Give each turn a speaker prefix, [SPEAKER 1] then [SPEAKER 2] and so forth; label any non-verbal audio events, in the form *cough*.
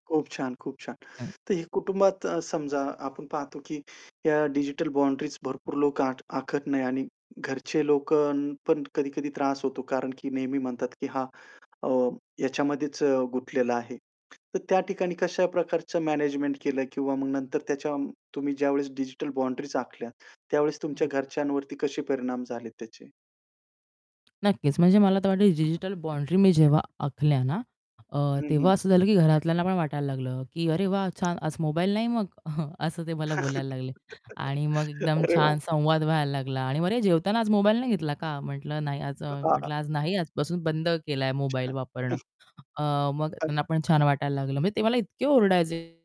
[SPEAKER 1] खूप छान, खूप छान.
[SPEAKER 2] हं.
[SPEAKER 1] तर हे कुटुंबात अ, समजा आपण पाहतो की ह्या डिजिटल बाउंडरीज भरपूर लोक आख आखत नाही आणि घरचे लोकं पण कधी-कधी त्रास होतो. कारण की नेहमी म्हणतात, की "हा अ, ह्याच्यामध्येच गुतलेला आहे." तर त्या ठिकाणी कशा प्रकारचं मॅनेजमेंट केलं किंवा मग नंतर त्याच्या तुम्ही ज्यावेळेस डिजिटल बाउंडरीज आखल्यात त्यावेळेस तुमच्या
[SPEAKER 2] हं.
[SPEAKER 1] घरच्यांवरती कसे परिणाम झाले त्याचे?
[SPEAKER 2] नक्कीच. म्हणजे मला तर वाटेल डिजिटल बाउंड्री मी जेव्हा आखल्या ना अ,
[SPEAKER 1] हं,
[SPEAKER 2] तेव्हा
[SPEAKER 1] हं.
[SPEAKER 2] असं झालं, की घरातल्यांना पण वाटायला लागलं, की "अरे वा! छान, आज मोबाईल नाही मग." *chuckles* असं ते मला
[SPEAKER 1] *laughs*
[SPEAKER 2] बोलायला लागले आणि मग एकदम
[SPEAKER 1] अरे वाह!
[SPEAKER 2] छान संवाद व्हायला लागला आणि मग, "अरे, जेवताना आज मोबाईल नाही घेतला का?" म्हटलं, "नाही, आज" अ,
[SPEAKER 1] *unintelligible*
[SPEAKER 2] म्हटलं, "आज नाही, आजपासून बंद केला आहे मोबाईल
[SPEAKER 1] अच्छा.
[SPEAKER 2] वापरणं."
[SPEAKER 1] *chuckles*
[SPEAKER 2] अ, मग त्यांना
[SPEAKER 1] *unintelligible*
[SPEAKER 2] पण छान वाटायला लागलं. म्हणजे ते मला इतके ओरडायचे